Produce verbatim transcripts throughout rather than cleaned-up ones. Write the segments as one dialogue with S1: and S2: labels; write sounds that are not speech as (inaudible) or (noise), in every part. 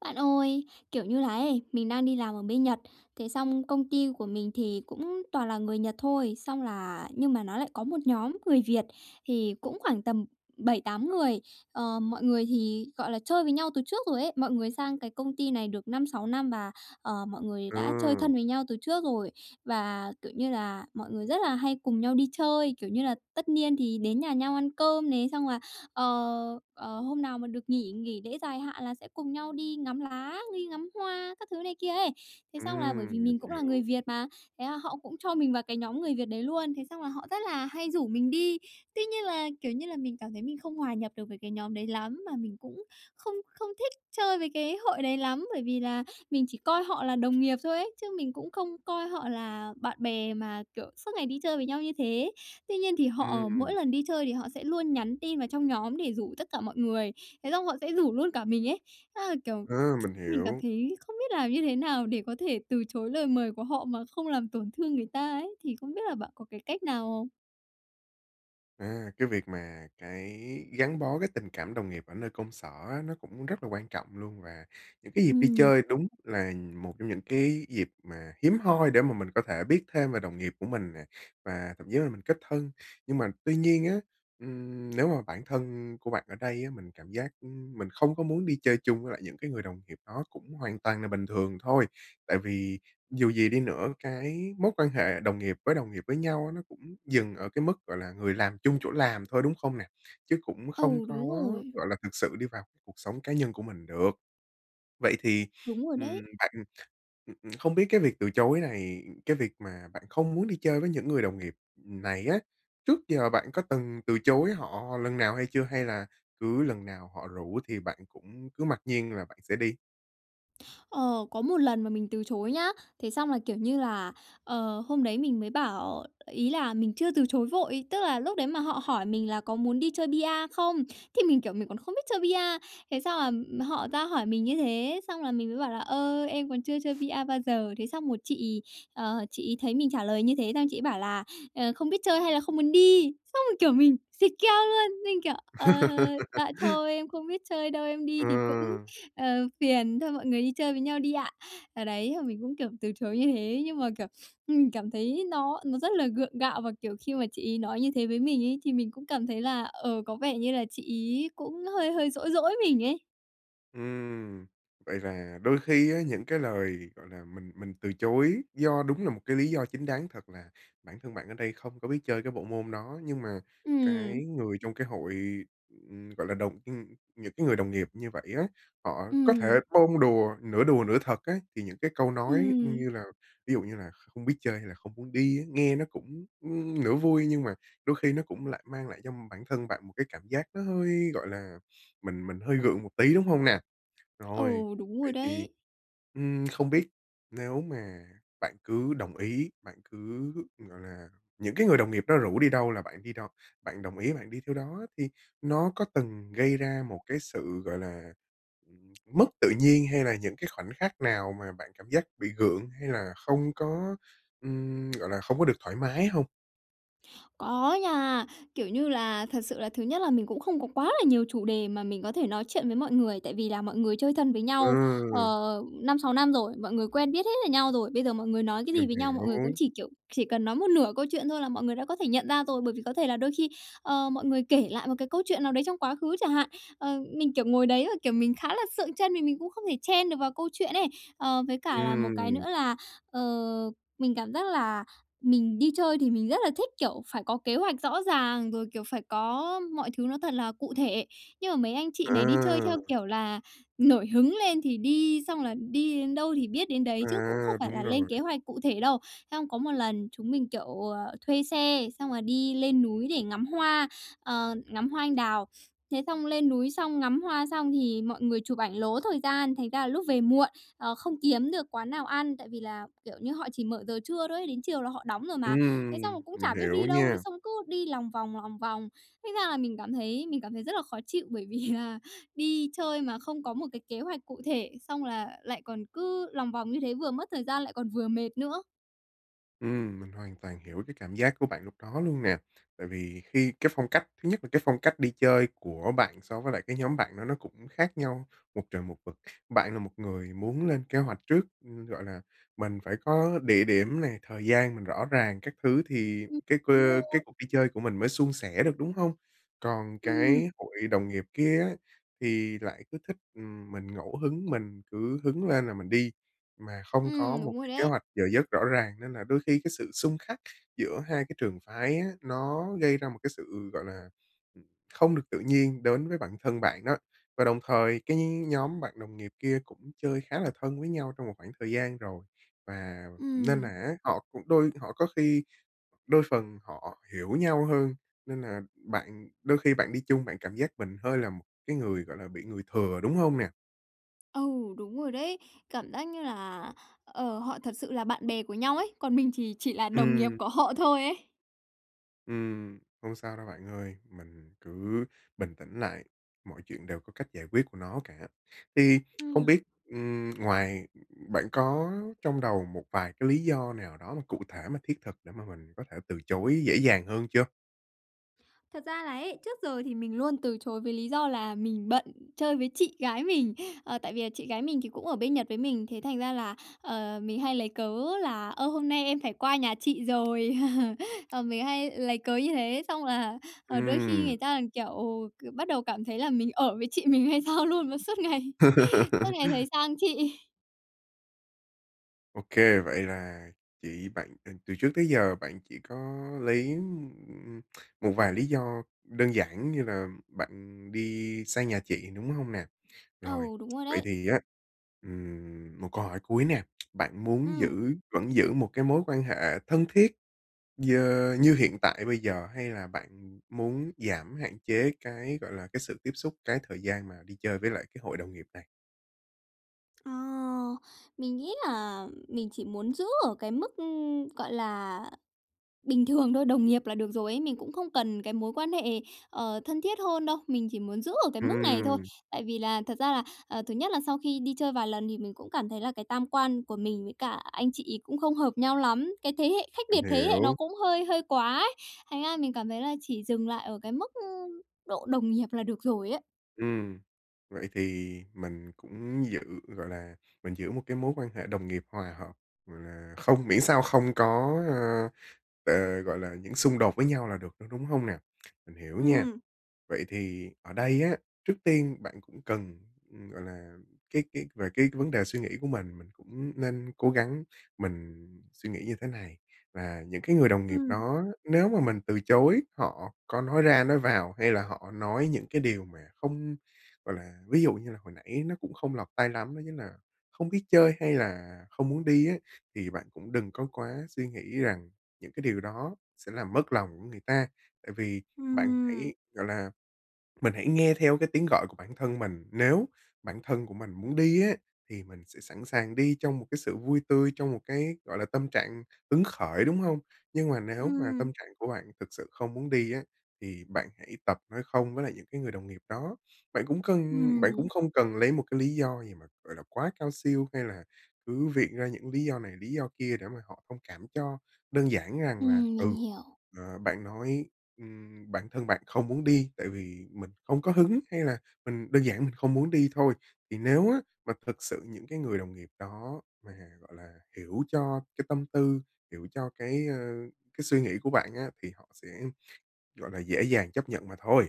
S1: Bạn ơi, kiểu như là ấy, mình đang đi làm ở bên Nhật, thế xong công ty của mình thì cũng toàn là người Nhật thôi. Xong là nhưng mà nó lại có một nhóm người Việt, thì cũng khoảng tầm bảy tám người. Ờ, mọi người thì, gọi là, chơi với nhau từ trước rồi ấy, mọi người sang cái công ty này được năm sáu năm và, ờ, mọi người đã chơi thân
S2: Ừm.
S1: với nhau từ trước rồi. Và, kiểu như là, mọi người rất là hay cùng nhau đi chơi, kiểu như là, tất niên thì đến nhà nhau ăn cơm này, xong là, ờ, ờ, hôm nào mà được nghỉ nghỉ lễ dài hạn là sẽ cùng nhau đi ngắm lá, đi ngắm hoa các thứ này kia ấy. Thế xong là bởi vì
S2: Ừm, mình
S1: mình cũng là người
S2: hiểu.
S1: Việt mà, thế là họ cũng cho mình vào cái nhóm người Việt đấy luôn. Thế xong là họ rất là hay rủ mình đi, tuy nhiên là, kiểu như là, mình cảm thấy mình không hòa nhập được với cái nhóm đấy lắm, mà mình cũng không không thích chơi với cái hội đấy lắm, bởi vì là mình chỉ coi họ là đồng nghiệp thôi ấy, chứ mình cũng không coi họ là bạn bè mà kiểu suốt ngày đi chơi với nhau như thế. Tuy nhiên thì họ mỗi
S2: Ừm.
S1: lần đi chơi thì họ sẽ luôn nhắn tin vào trong nhóm để rủ tất cả mọi người, thế xong họ sẽ rủ luôn cả mình ấy. Thế là, kiểu,
S2: A, mình
S1: mình cảm
S2: hiểu.
S1: thấy không biết làm như thế nào để có thể từ chối lời mời của họ mà không làm tổn thương người ta ấy. Thì không biết là bạn có cái cách nào không?
S2: À, cái việc mà cái gắn bó cái tình cảm đồng nghiệp ở nơi công sở á, nó cũng rất là quan trọng luôn, và những cái dịp đi
S1: Ừm.
S2: chơi đúng là một trong những cái dịp mà hiếm hoi để mà mình có thể biết thêm về đồng nghiệp của mình nè và thậm chí là mình kết thân. Nhưng mà tuy nhiên á, ừm, nếu mà bản thân của bạn ở đây á mình cảm giác mình không có muốn đi chơi chung với lại những cái người đồng nghiệp đó cũng hoàn toàn là bình thường thôi. Tại vì dù gì đi nữa cái mối quan hệ đồng nghiệp với đồng nghiệp với nhau á nó cũng dừng ở cái mức, gọi là, người làm chung chỗ làm thôi, đúng không nè? Chứ cũng không
S1: Ừ,
S2: có,
S1: đúng rồi.
S2: gọi là, thực sự đi vào cuộc sống cá nhân của mình được. Vậy thì,
S1: Đúng rồi đấy.
S2: ừm, bạn ừm, ừm, không biết cái việc từ chối này cái việc mà bạn không muốn đi chơi với những người đồng nghiệp này á, trước giờ bạn có từng từ chối họ lần nào hay chưa hay là cứ lần nào họ rủ thì bạn cũng cứ mặc nhiên là bạn sẽ đi?
S1: Ờ, có một lần mà mình từ chối nhá. Thế xong là, kiểu như là, ờ, hôm đấy mình mới bảo ý là mình chưa từ chối vội, tức là lúc đấy mà họ hỏi mình là "Có muốn đi chơi bi-a không?" thì mình, kiểu, mình còn không biết chơi bi-a, thế xong là họ ra hỏi mình như thế, xong là mình mới bảo là "Ơ, em còn chưa chơi bi-a bao giờ." Thế xong rồi chị ờ, chị ấy thấy mình trả lời như thế xong chị ấy bảo là "Ờ, không biết chơi hay là không muốn đi?" Xong rồi kiểu mình xịt keo luôn, mình kiểu: "Ờ, dạ
S2: (laughs)
S1: thôi em không biết chơi đâu, em đi thì cũng,
S2: Ừ.
S1: ờ, phiền, thôi mọi người đi chơi với nhau đi ạ." Ờ, đấy, thì mình cũng, kiểu, từ chối như thế, nhưng mà, kiểu, mình cảm thấy nó nó rất là gượng gạo, và, kiểu, khi mà chị ấy nói như thế với mình ấy thì mình cũng cảm thấy là, ờ, có vẻ như là chị ấy cũng hơi hơi dỗi dỗi mình ấy.
S2: Ừm, vậy là đôi khi á những cái lời, gọi là, mình mình từ chối do đúng là một cái lý do chính đáng thật, là bản thân bạn ở đây không có biết chơi cái bộ môn đó. Nhưng mà
S1: Ừm.
S2: cái người trong cái hội, ừm, gọi là, đồng ừm, những cái người đồng nghiệp như vậy á, họ có thể
S1: Ừm.
S2: bông đùa, nửa đùa nửa thật á, thì những cái câu nói
S1: Ừm.
S2: như là, ví dụ như là "Không biết chơi hay là không muốn đi ấy?" Nghe nó cũng, ưm, nửa vui nhưng mà đôi khi nó cũng lại mang lại cho bản thân bạn một cái cảm giác nó hơi, gọi là, mình mình hơi gượng một tí, đúng hông nè? Rồi,
S1: Ừ, đúng rồi
S2: vậy thì,
S1: đấy.
S2: ừm, không biết nếu mà bạn cứ đồng ý, bạn cứ, gọi là, những cái người đồng nghiệp đó rủ đi đâu là bạn đi đo bạn đồng ý bạn đi theo đó á, thì nó có từng gây ra một cái sự, gọi là, ừm, mất tự nhiên, hay là những cái khoảnh khắc nào mà bạn cảm giác bị gượng, hay là không có, ừm, gọi là, không có được thoải mái hông?
S1: Có nha, kiểu như là, thật sự là thứ nhất là mình cũng không có quá là nhiều chủ đề mà mình có thể nói chuyện với mọi người, tại vì là mọi người chơi thân với nhau,
S2: Ừm.
S1: ờ, năm sáu năm rồi, mọi người quen biết hết về nhau rồi. Bây giờ mọi người nói cái
S2: Mình
S1: gì với nhau, mọi
S2: hiểu.
S1: người cũng chỉ, kiểu, chỉ cần nói một nửa câu chuyện thôi là mọi người đã có thể nhận ra rồi, bởi vì có thể là đôi khi, ờ, mọi người kể lại một cái câu chuyện nào đấy trong quá khứ chả hạn. Ờ, mình, kiểu, ngồi đấy rồi, kiểu, mình khá là sượng trân, vì mình cũng không thể chen được vào câu chuyện ấy. Ờ, với cả là một cái
S2: Ừm.
S1: nữa là, ờ, mình cảm giác là mình đi chơi thì mình rất là thích, kiểu, phải có kế hoạch rõ ràng, rồi, kiểu, phải có mọi thứ nó thật là cụ thể. Nhưng mà mấy anh chị này đi chơi theo
S2: À.
S1: kiểu là nổi hứng lên thì đi, xong là đi đến đâu thì biết đến đấy, chứ cũng không
S2: À,
S1: phải là
S2: đúng
S1: lên
S2: rồi.
S1: kế hoạch cụ thể đâu. Xong có một lần chúng mình, kiểu, ờ, thuê xe, xong là đi lên núi để ngắm hoa, ờ, ngắm hoa anh đào. Thế xong lên núi xong ngắm hoa xong thì mọi người chụp ảnh lố thời gian, thành ra là lúc về muộn, ờ, không kiếm được quán nào ăn, tại vì là, kiểu như, họ chỉ mở giờ trưa thôi ấy, đến chiều là họ đóng rồi mà. Thế
S2: Ừm,
S1: xong là cũng
S2: mình
S1: chả biết
S2: hiểu
S1: đi đâu, đấy
S2: nha.
S1: xong cứ đi lòng vòng, lòng vòng, thế ra là mình cảm thấy mình cảm thấy rất là khó chịu, bởi vì là đi chơi mà không có một cái kế hoạch cụ thể, xong là lại còn cứ lòng vòng như thế vừa mất thời gian lại còn vừa mệt nữa.
S2: Ừm, mình hoàn toàn hiểu cái cảm giác của bạn lúc đó luôn nè, tại vì khi cái phong cách thứ nhất là cái phong cách đi chơi của bạn so với lại cái nhóm bạn đó nó cũng khác nhau một trời một vực. Bạn là một người muốn lên kế hoạch trước, ừm, gọi là, mình phải có địa điểm nè, thời gian mình rõ ràng các thứ thì
S1: Ừm,
S2: cái
S1: đúng
S2: cơ cái
S1: rồi.
S2: cuộc đi chơi của mình mới suôn sẻ được, đúng không? Còn
S1: Ừm.
S2: cái hội đồng nghiệp kia á, thì lại cứ thích, ừm, mình ngẫu hứng, mình cứ hứng lên là mình đi, mà không có
S1: Ừm,
S2: một
S1: đúng rồi
S2: cái kế
S1: đấy.
S2: hoạch giờ giấc rõ ràng. Nên là đôi khi cái sự xung khắc giữa hai cái trường phái á, nó gây ra một cái sự, gọi là, ừm, không được tự nhiên đến với bản thân bạn đó. Và đồng thời cái nhóm bạn đồng nghiệp kia cũng chơi khá là thân với nhau trong một khoảng thời gian rồi, và nên là
S1: Ừm.
S2: á, họ cũng đôi họ có khi đôi phần họ hiểu nhau hơn, nên là bạn đôi khi bạn đi chung, bạn cảm giác mình hơi là một cái người, gọi là, bị người thừa, đúng hông nè?
S1: Ừ, đúng rồi đấy, cảm giác như là, ờ, họ thật sự là bạn bè của nhau ấy, còn mình thì chỉ là đồng nghiệp
S2: Ừm.
S1: của họ thôi ấy.
S2: Ừm, không sao đâu bạn ơi, mình cứ bình tĩnh lại, mọi chuyện đều có cách giải quyết của nó cả. Thì không
S1: Ừm.
S2: biết, ừm, ngoài ừm, bạn có trong đầu một vài cái lý do nào đó mà cụ thể, mà thiết thực để mà mình có thể từ chối dễ dàng hơn chưa?
S1: Thật ra là ấy, trước giờ thì mình luôn từ chối với lý do là mình bận chơi với chị gái mình. Ờ, tại vì là chị gái mình thì cũng ở bên Nhật với mình, thế thành ra là, ờ, mình hay lấy cớ là "Ơ, hôm nay em phải qua nhà chị rồi." (laughs) Ờ, mình hay lấy cớ như thế, xong là, ờ, đôi khi
S2: Ừm.
S1: người ta còn, kiểu, k bắt đầu cảm thấy là mình ở với chị mình hay sao luôn mà suốt ngày suốt ngày thấy
S2: (laughs)
S1: sang chị.
S2: Ô kê, vậy là chị bạn ờ, từ trước tới giờ bạn chỉ có lấy, ừm, ưm, một vài lý do đơn giản như là bạn đi sang nhà chị, đúng hông nè? Rồi,
S1: Ừ, đúng rồi
S2: vậy
S1: đấy.
S2: thì á, ừm, một câu hỏi cuối nè, bạn muốn
S1: Ừm.
S2: giữ vẫn giữ một cái mối quan hệ thân thiết dơ như hiện tại bây giờ, hay là bạn muốn giảm hạn chế cái, gọi là, cái sự tiếp xúc, cái thời gian mà đi chơi với lại cái hội đồng nghiệp này?
S1: Ờ, mình nghĩ là mình chỉ muốn giữ ở cái mức, ừm, gọi là, bình thường thôi, đồng nghiệp là được rồi ấy. Mình cũng không cần cái mối quan hệ, ờ, thân thiết hơn đâu, mình chỉ muốn giữ ở cái mức này thôi.
S2: Ừm.
S1: Tại vì là thật ra là, à, thứ nhất là sau khi đi chơi vài lần thì mình cũng cảm thấy là cái tam quan của mình với cả anh chị ấy cũng không hợp nhau lắm, cái thế hệ khách
S2: Mình
S1: biệt thế hệ nó
S2: hiểu.
S1: cũng hơi hơi quá ấy. Thành ra mình cảm thấy là chỉ dừng lại ở cái mức, ưm, độ đồng nghiệp là được rồi ấy.
S2: Ừm. Vậy thì mình cũng giữ, gọi là, mình giữ một cái mối quan hệ đồng nghiệp hòa hợp, gọi là, không miễn sao không có, ơ, ờ, gọi là, những xung đột với nhau là được thôi, đúng hông nè? Mình hiểu nha!
S1: Ừm.
S2: Vậy thì ở đây á, trước tiên bạn cũng cần, ừm, gọi là, cái cái về cái vấn đề suy nghĩ của mình, mình cũng nên cố gắng mình suy nghĩ như thế này, là những cái người đồng nghiệp
S1: Ừm.
S2: đó nếu mà mình từ chối họ có nói ra nói vào, hay là họ nói những cái điều mà không gọi là, ví dụ như là hồi nãy nó cũng không lọt tai lắm, nó chính nà "không biết chơi hay là không muốn đi" ấy, thì bạn cũng đừng có quá suy nghĩ rằng những cái điều đó sẽ làm mất lòng của người ta. Tại vì bạn
S1: Ừm.
S2: hãy, gọi là mình hãy nghe theo cái tiếng gọi của bản thân mình, nếu bản thân của mình muốn đi á, thì mình sẽ sẵn sàng đi trong một cái sự vui tươi, trong một cái, gọi là, tâm trạng hứng khởi, đúng hông? Nhưng mà nếu mà
S1: Ừm.
S2: tâm trạng của bạn thực sự không muốn đi á, thì bạn hãy tập nói không với lại những cái người đồng nghiệp đó. Bạn cũng cần bạn
S1: Ừm.
S2: cũng không cần lấy một cái lý do gì mà, gọi là, quá cao siêu, hay là cứ viện ra những lý do này, lý do kia để mà họ thông cảm cho. Đơn giản rằng là,
S1: Ừm, mình
S2: ừ,
S1: hiểu.
S2: ờ, bạn nói, ừm, bản thân bạn không muốn đi, tại vì mình không có hứng, hay là mình đơn giản mình không muốn đi thôi. Thì nếu á mà thực sự những cái người đồng nghiệp đó mà, gọi là, hiểu cho cái tâm tư, hiểu cho cái, ờ, cái suy nghĩ của bạn á, thì họ sẽ, gọi là, dễ dàng chấp nhận mà thôi.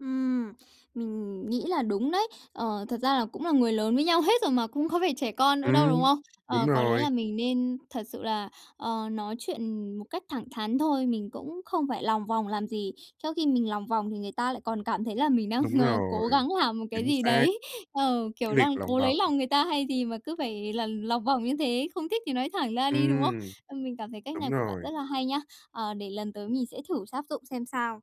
S1: Ừm, mình nghĩ là đúng đấy. Ờ, thật ra là cũng là người lớn với nhau hết rồi mà, cũng không phải trẻ con nữa đâu,
S2: Ừm,
S1: đúng không?
S2: đúng
S1: Ờ, có lẽ
S2: rồi.
S1: là mình nên thật sự là, ờ, nói chuyện một cách thẳng thắn thôi, mình cũng không phải lòng vòng làm gì. Trong khi mình lòng vòng thì người ta lại còn cảm thấy là mình đang,
S2: Đúng
S1: a, cố
S2: rồi,
S1: gắng làm một cái
S2: chính
S1: gì
S2: xác.
S1: đấy. Ờ,
S2: Cái
S1: kiểu
S2: việc
S1: đang
S2: lòng
S1: cố
S2: vòng
S1: lấy lòng người ta hay gì mà cứ phải là lòng vòng như thế, không thích thì nói thẳng ra đi, đúng không?
S2: Ừm.
S1: Ừm, mình cảm thấy cách
S2: Đúng
S1: này của bạn rất
S2: rồi.
S1: là hay nhá, ờ, để lần tới mình sẽ thử sáp dụng xem sao.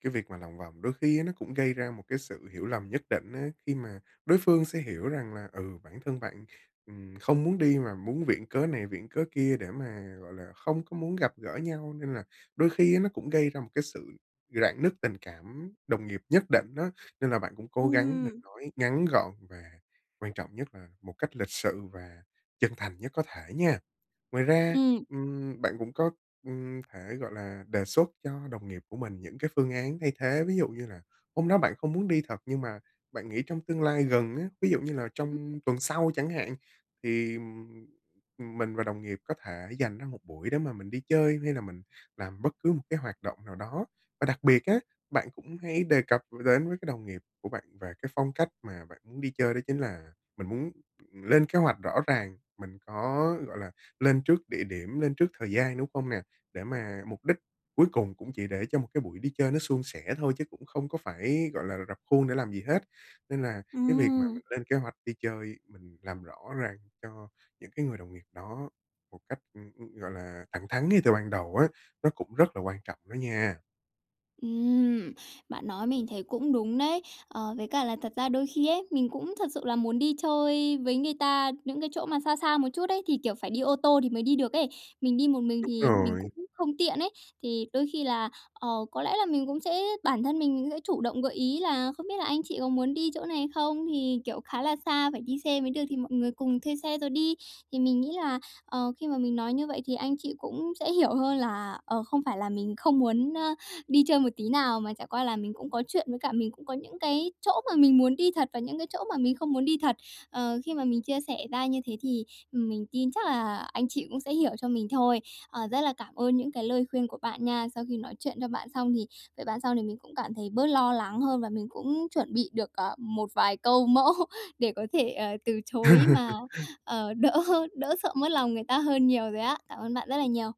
S2: Cái việc mà lòng vòng, đôi khi á, nó cũng gây ra một cái sự hiểu lầm nhất định á. Khi mà đối phương sẽ hiểu rằng là, ừ, bản thân bạn, ừm, không muốn đi mà muốn viện cớ này, viện cớ kia để mà, gọi là, không có muốn gặp gỡ nhau, nên là đôi khi á, nó cũng gây ra một cái sự rạn nứt tình cảm đồng nghiệp nhất định á. Nên là bạn cũng cố gắng mình
S1: Ừm.
S2: nói ngắn gọn và quan trọng nhất là một cách lịch sự và chân thành nhất có thể nha. Ngoài ra,
S1: Ừm.
S2: ừm, bạn cũng có, ừm, thể, gọi là, đề xuất cho đồng nghiệp của mình những cái phương án thay thế. Ví dụ như là hôm đó bạn có muốn đi thật, nhưng mà bạn nghĩ trong tương lai gần á, ví dụ như là trong tuần sau chẳng hạn thì, ừm, ừm, mình và đồng nghiệp có thể dành ra một buổi để mà mình đi chơi hay là mình làm bất cứ một cái hoạt động nào đó. Và đặc biệt á, bạn cũng hãy đề cập r đến với cái đồng nghiệp của bạn về cái phong cách mà bạn muốn đi chơi, đó chính là mình muốn lên kế hoạch rõ ràng, mình có, gọi là, lên trước địa điểm, lên trước thời gian, đúng không nè? Để mà mục đích cuối cùng cũng chỉ để cho một cái buổi đi chơi nó suôn sẻ thôi, chứ cũng không có phải, gọi là, r rập khuôn để làm gì hết. Nên là cái việc mà
S1: Ừm.
S2: mình lên kế hoạch đi chơi, mình làm rõ ràng cho những cái người đồng nghiệp đó một cách, ưm, ưm, gọi là, thẳng thắn ngay từ ban đầu á, nó cũng rất là quan trọng đó nha.
S1: Ừm, bạn nói mình thấy cũng đúng đấy. Ờ, với cả là thật ra đôi khi ấy, mình cũng thật sự là muốn đi chơi với người ta những cái chỗ mà xa xa một chút ấy, thì, kiểu, phải đi ô tô thì mới đi được ấy, mình đi một mình
S2: Đúng
S1: thì mình cũng
S2: rồi.
S1: không tiện ấy thì đôi khi là, ờ, có lẽ là mình cũng sẽ bản thân mình mình cũng sẽ chủ động gợi ý là "Không biết là anh chị có muốn đi chỗ này không, thì, kiểu, khá là xa phải đi xe mới được thì mọi người cùng thuê xe rồi đi." Thì mình nghĩ là, ờ, khi mà mình nói như vậy thì anh chị cũng sẽ hiểu hơn là, ờ, không phải là mình không muốn, a, đi chơi một tí nào, mà chẳng qua là mình cũng có chuyện với cả mình cũng có những cái chỗ mà mình muốn đi thật và những cái chỗ mà mình không muốn đi thật. Ờ, khi mà mình chia sẻ ra như thế thì mình tin chắc là anh chị cũng sẽ hiểu cho mình thôi. Ờ, rất là cảm ơn những cái lời khuyên của bạn nha. Sau khi nói chuyện cho bạn xong thì với bạn xong thì mình cũng cảm thấy bớt lo lắng hơn và mình cũng chuẩn bị được, à, một vài câu mẫu để có thể, à, từ chối mà,
S2: (laughs)
S1: ờ, đỡ hơn đỡ sợ mất lòng người ta hơn nhiều rồi á. Cảm ơn bạn rất là nhiều.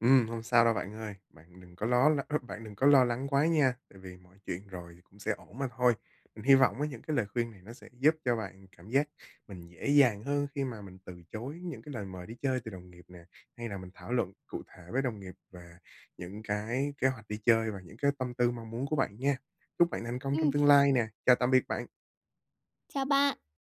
S2: Ừm, hông sao đâu bạn ơi, bạn đừng có ló l ơ, bạn đừng có lo lắng quá nha tại vì mọi chuyện rồi cũng sẽ ổn mà thôi. Mình hy vọng với những cái lời khuyên này nó sẽ giúp cho bạn cảm giác mình dễ dàng hơn khi mà mình từ chối những cái lời mời đi chơi từ đồng nghiệp nè hay là mình thảo luận cụ thể với đồng nghiệp về những cái kế hoạch đi chơi và những cái tâm tư mong muốn của bạn nha. Chúc bạn thành công trong
S1: Ừm.
S2: tương lai nè. Chào tạm biệt bạn.
S1: Chào bạn.